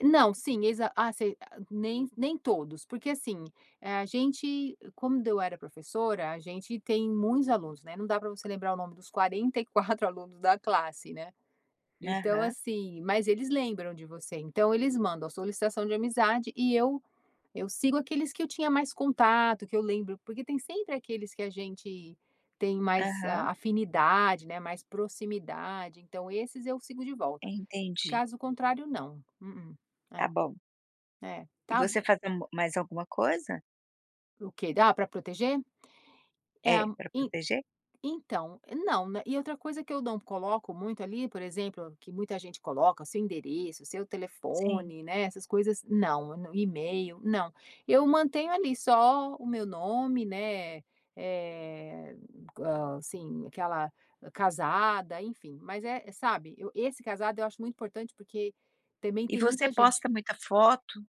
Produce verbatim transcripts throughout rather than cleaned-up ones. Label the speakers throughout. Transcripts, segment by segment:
Speaker 1: Não, sim, exa ah sei nem nem todos, porque assim, eh, a gente quando eu era professora, a gente tem muitos alunos, né, não dá para você lembrar o nome dos quarenta e quatro alunos da classe, né, então,
Speaker 2: Aham.
Speaker 1: assim, mas eles lembram de você, então eles mandam a solicitação de amizade e eu eu sigo aqueles que eu tinha mais contato, que eu lembro, porque tem sempre aqueles que a gente tem mais
Speaker 2: Aham.
Speaker 1: afinidade, né, mais proximidade, então esses eu sigo de volta.
Speaker 2: Entendi.
Speaker 1: Caso contrário não. Hum,
Speaker 2: Tá bom.
Speaker 1: é.
Speaker 2: E
Speaker 1: Ta
Speaker 2: você fazendo m mais alguma coisa?
Speaker 1: Ok, da pra proteger? É,
Speaker 2: É, para
Speaker 1: en
Speaker 2: proteger?
Speaker 1: então, não, né, e outra coisa que eu não coloco muito ali, por exemplo, que muita gente coloca, seu endereço, seu
Speaker 2: Sim.
Speaker 1: telefone, né, essas coisas, não, e-mail, não. Eu mantenho ali só o meu nome, né, eh, co assim aquela casada, enfim, mas é sabe, eu esse casado eu acho muito importante, porque também
Speaker 2: E
Speaker 1: tem
Speaker 2: você
Speaker 1: muita gente
Speaker 2: posta muita foto?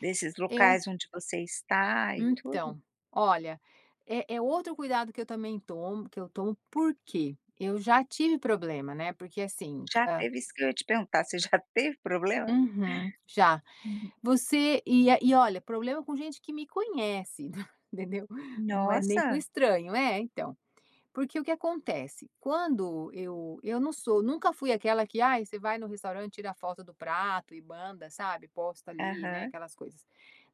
Speaker 2: Desses
Speaker 1: Eu
Speaker 2: locais onde você está e tudo?
Speaker 1: Então, olha, é é outro cuidado que eu também tomo que eu tomo por que? Eu já tive problema, né, porque assim
Speaker 2: Já
Speaker 1: a
Speaker 2: teve? Isso que eu ia te perguntar, você já teve problema?
Speaker 1: Uhum, já.
Speaker 2: Hum.
Speaker 1: Você e e olha problema com gente que me conhece, entendeu? Não é nem com
Speaker 2: Nossa.
Speaker 1: estranho é, então, porque o que acontece? Quando eu eu não sou nunca fui aquela que ai você vai no restaurante tira foto do prato e manda sabe, posta ali, né,
Speaker 2: Aham.
Speaker 1: aquelas coisas.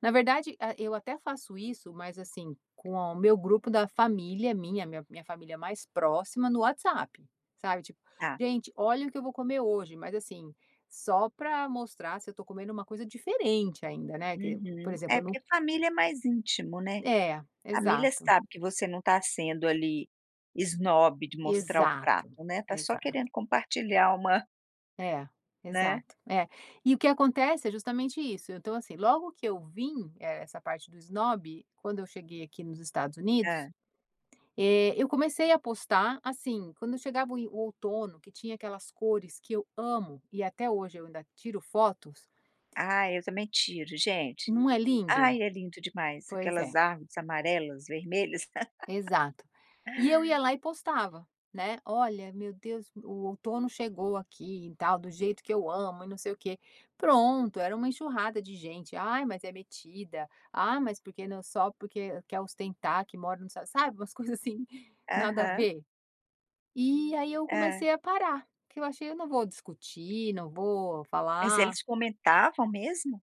Speaker 1: Na verdade, ah, eu até faço isso mas assim, com o meu grupo da família minha, minha minha família mais próxima no WhatsApp, sabe tipo:
Speaker 2: Tá.
Speaker 1: "Gente, olha o que eu vou comer hoje", mas assim, só para mostrar se eu tô comendo uma coisa diferente ainda, né, que, por
Speaker 2: Uhum.
Speaker 1: exemplo,
Speaker 2: É
Speaker 1: eu num
Speaker 2: porque família é mais íntimo, né,
Speaker 1: É,
Speaker 2: família
Speaker 1: exato.
Speaker 2: sabe que você não tá sendo ali esnobe de mostrar o
Speaker 1: Exato,
Speaker 2: prato, né, tá só
Speaker 1: exato.
Speaker 2: querendo compartilhar uma
Speaker 1: É,
Speaker 2: Né.
Speaker 1: exato, é. E o que acontece é justamente isso, então assim, logo que eu vim, essa parte do esnobe, quando eu cheguei aqui nos Estados Unidos,
Speaker 2: Hã.
Speaker 1: eh, eu comecei a postar assim, quando eu chegava o inv o outono, que tinha aquelas cores que eu amo e até hoje eu ainda tiro fotos.
Speaker 2: Ah, eu também tiro gente.
Speaker 1: Não é lindo?
Speaker 2: Ai, é lindo demais,
Speaker 1: Pois
Speaker 2: aquelas
Speaker 1: é.
Speaker 2: armas amarelas, vermelhas.
Speaker 1: Exato. E eu ia lá e postava, né, "Olha meu Deus, o outono chegou aqui e tal, do jeito que eu amo e não sei o quê". Pronto, era uma enxurrada de gente, ai mas é metida, ah, mas porque não só porque quer ostentar, que mora nos Estados Un sabe, umas coisas assim nada a
Speaker 2: Aham.
Speaker 1: ver. E aí, eu
Speaker 2: Hã.
Speaker 1: comecei a parar, porque eu achei eu não vou discutir, não vou
Speaker 2: Mas
Speaker 1: falar.
Speaker 2: eles comentavam mesmo?